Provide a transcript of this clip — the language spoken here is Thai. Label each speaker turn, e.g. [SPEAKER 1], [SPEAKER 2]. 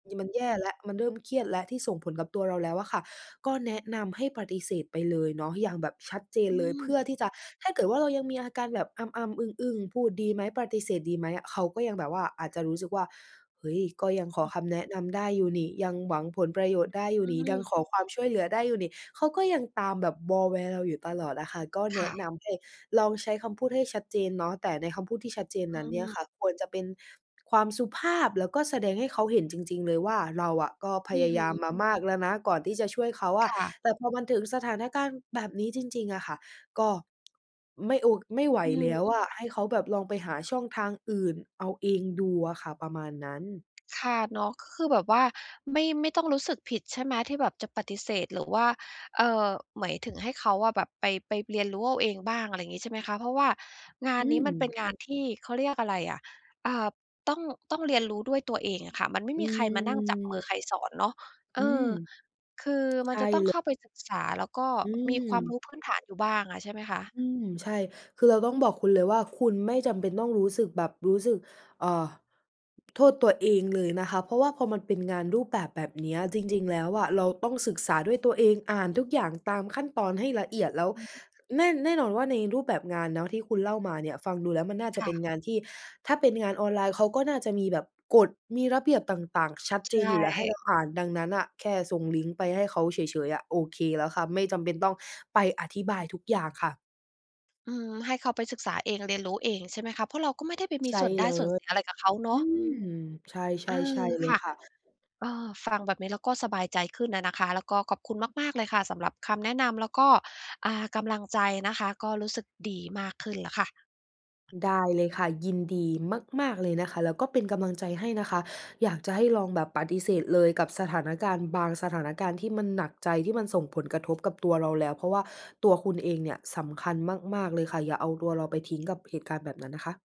[SPEAKER 1] ย มันแย่แล้ว มันเริ่มเครียดแล้วที่ส่งผลกับตัวเราแล้วอะค่ะ ก็แนะนำให้ปฏิเสธไปเลยเนาะอย่างแบบชัดเจน
[SPEAKER 2] อ
[SPEAKER 1] เลย เพ
[SPEAKER 2] ืม
[SPEAKER 1] ื่อที่จะ ถ้าเกิดว่าเรายังมีอาการแบบอำ ๆ อึ้ง ๆ พูดดีไหม ปฏิเสธดีไหมอะ เขาก็ยังแบบว่าอาจจะรู้สึกว่า "เฮ่ย ก็ยังขอ
[SPEAKER 2] อือ
[SPEAKER 1] คำแนะนำได้อยู่นี่ ยังหวังผลประโยชน์ได้อยู
[SPEAKER 2] อ
[SPEAKER 1] ่นี่ ยั
[SPEAKER 2] ือ
[SPEAKER 1] งขอความช่วยเหลือได้อยู่นี่" เขาก็ยังตามแบบวอแว เราอยู่ตลอดอะค่ะ ก็แ
[SPEAKER 2] ค
[SPEAKER 1] น
[SPEAKER 2] ่
[SPEAKER 1] ะ
[SPEAKER 2] ะ
[SPEAKER 1] นำให้ลองใช้คำพูดให้ชัดเจนเนาะ แต่ในคำพูดที่ชัดเจน
[SPEAKER 2] อ
[SPEAKER 1] น
[SPEAKER 2] ื
[SPEAKER 1] ั้นเนี่ย
[SPEAKER 2] ม
[SPEAKER 1] ค่ะควรจะเป็นความสุภาพ แล้วก็แสดงให้เขาเห็นจริง ๆ เลยว่าเราอะก็พ
[SPEAKER 2] อื
[SPEAKER 1] ย
[SPEAKER 2] อ
[SPEAKER 1] า
[SPEAKER 2] ฮ
[SPEAKER 1] ย
[SPEAKER 2] ึ
[SPEAKER 1] ามมามากแล้วนะก่อนที่จะช่วยเขาอ
[SPEAKER 2] ค
[SPEAKER 1] ะ
[SPEAKER 2] ่ะ
[SPEAKER 1] แต่พอมาถึงสถานการณ์แบบนี้จริง ๆ อะค่ะ ก็ไม่โอ ไม่ไหว
[SPEAKER 2] อื
[SPEAKER 1] แล้
[SPEAKER 2] ม
[SPEAKER 1] วอะ ให้เขาแบบลองไปหาช่องทางอื่นเอาเองดูอะค่ะ ประมาณนั้น
[SPEAKER 2] ค่ะ เนาะ ก็คือแบบว่า ไม่ ไม่ต้องรู้สึกผิดใช่ไหมที่แบบจะปฏิเสธ หรือว่า เอ่อ หมายถึงให้เขาอะแบบไป ไปเรียนรู้เอาเองบ้าง อะไรอย่างงี้ใช่ไหมคะ เพราะว่างาน
[SPEAKER 1] อื
[SPEAKER 2] นี้มันเป็น
[SPEAKER 1] ม
[SPEAKER 2] งานที่ เขาเรียกอะไรอะ อ่า ต้อง ต้องเรียนรู้ด้วยตัวเองอะค่ะ มันไม่
[SPEAKER 1] อื
[SPEAKER 2] มีใครมานั่งจับมือ
[SPEAKER 1] อ
[SPEAKER 2] ใครสอนเนาะ เอ่
[SPEAKER 1] อ
[SPEAKER 2] อ
[SPEAKER 1] ืม
[SPEAKER 2] คือ มั
[SPEAKER 1] ใ
[SPEAKER 2] น
[SPEAKER 1] ช
[SPEAKER 2] จ
[SPEAKER 1] ่
[SPEAKER 2] ะต้อง
[SPEAKER 1] เล
[SPEAKER 2] เข
[SPEAKER 1] ย
[SPEAKER 2] ้าไปศึกษา แล้วก็
[SPEAKER 1] อื
[SPEAKER 2] มีความร
[SPEAKER 1] ม
[SPEAKER 2] ู้พื้นฐานอยู่บ้างอะ ใช่ไหมคะ?
[SPEAKER 1] อืม ใช่ คือเราต้องบอกคุณเลยว่าคุณไม่จำเป็นต้องรู้สึกแบบ รู้สึก เอ่อ โทษตัวเองเลยนะคะ เพราะว่าพอมันเป็นงานรูปแบบแบบนี้ จริง ๆ แล้วอะเราต้องศึกษาด้วยตัวเอง อ่านทุกอย่างตามขั้นตอนให้ละเอียด แล้ว
[SPEAKER 2] อือฮึ
[SPEAKER 1] แน่ แน่นอนว่าในรูปแบบงานเนาะที่คุณเล่ามาเนี่ย ฟังดูแล้วมันน่าจ
[SPEAKER 2] ค
[SPEAKER 1] ะเ
[SPEAKER 2] ่
[SPEAKER 1] ป็น
[SPEAKER 2] ะ
[SPEAKER 1] งานที่ ถ้าเป็นงานออนไลน์เขาก็น่าจะมีแบบกฎ มีระเบียบต่าง ๆ ชัด
[SPEAKER 2] ใ
[SPEAKER 1] เ
[SPEAKER 2] ช
[SPEAKER 1] จนอยู่แล้วให้
[SPEAKER 2] ่
[SPEAKER 1] เราอ่าน ดังนั้นน่ะแค่ส่งลิงก์ไปให้เขาเฉย ๆ อะโอเคแล้วค่ะ ไม่จำเป็นต้องไปอธิบายทุกอย่างค่ะ
[SPEAKER 2] อืม ให้เขาไปศึกษาเอง เรียนรู้เอง ใช่ไหมคะ เพราะเราก็ไม่ได้ไปมี
[SPEAKER 1] ใช่
[SPEAKER 2] ส่วนได้
[SPEAKER 1] เล
[SPEAKER 2] ส่วนเส
[SPEAKER 1] ย
[SPEAKER 2] ียอะไรกับเขาเนา
[SPEAKER 1] อื
[SPEAKER 2] ะ
[SPEAKER 1] ม ใช
[SPEAKER 2] เ
[SPEAKER 1] ่
[SPEAKER 2] อ
[SPEAKER 1] ๆ ใช
[SPEAKER 2] อ
[SPEAKER 1] ่เล
[SPEAKER 2] ค
[SPEAKER 1] ย
[SPEAKER 2] ่ะ
[SPEAKER 1] ค่ะ
[SPEAKER 2] เอ่อ ฟังแบบนี้ แล้วก็สบายใจขึ้นอะนะคะ แล้วก็ขอบคุณมาก ๆ เลยค่ะสำหรับคำแนะนำ แล้วก็ อ่า กำลังใจนะคะ ก็รู้สึกดีมากขึ้นแล้วค่ะ
[SPEAKER 1] ได้เลยค่ะ ยินดีมาก ๆ เลยนะคะ แล้วก็เป็นกำลังใจให้นะคะ อยากจะให้ลองแบบปฏิเสธเลยกับสถานการณ์บางสถานการณ์ที่มันหนักใจ ที่มันส่งผลกระทบกับตัวเราแล้ว เพราะว่าตัวคุณเองเนี่ยสำคัญมาก ๆ เลยค่ะ อย่าเอาตัวเราไปทิ้งกับเหตุการณ์แบบนั้นนะคะ